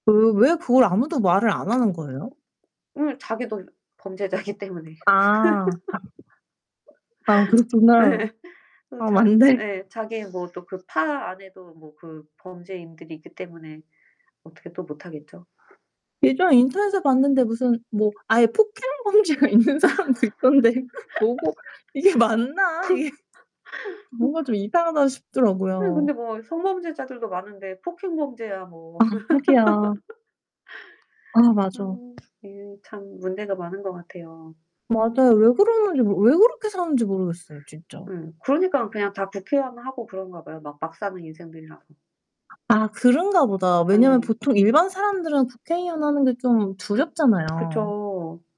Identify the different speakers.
Speaker 1: 그 왜 그걸 아무도 말을 안 하는 거예요?
Speaker 2: 응 자기도 범죄자이기 때문에.
Speaker 1: 아 아 그렇구나.
Speaker 2: 예. 그
Speaker 1: 아
Speaker 2: 자
Speaker 1: 맞네.
Speaker 2: 예. 자기는 뭐 또 그 파 안에도 뭐 그 범죄인들이 있기 때문에 어떻게 또 못 하겠죠.
Speaker 1: 예전에 인터넷에서 봤는데 무슨 뭐 아예 폭행 범죄가 있는
Speaker 2: 어.
Speaker 1: 사람도 있던데 그 보고 '이게 맞나?' 이게 뭔가 좀 이상하다
Speaker 2: 아이
Speaker 1: 싶더라고요.
Speaker 2: 근데 뭐 성범죄자들도 많은데 폭행 범죄야 뭐.
Speaker 1: 아 하기야. 아
Speaker 2: 아
Speaker 1: 맞아.
Speaker 2: 이게 참 문제가 많은 것 같아요.
Speaker 1: 맞아요. 왜 그러는지 모 왜 그렇게 사는지 모르겠어요 진짜.
Speaker 2: 음, 그러니깐 그냥 다 국회의원하고 그런가 봐요, 막 막 사는 인생들이라서.
Speaker 1: 아 그런가 보다. 왜냐면
Speaker 2: 예.
Speaker 1: 보통 일반 사람들은 국회의원 하는 게 좀
Speaker 2: 그
Speaker 1: 두렵잖아요.
Speaker 2: 그죠.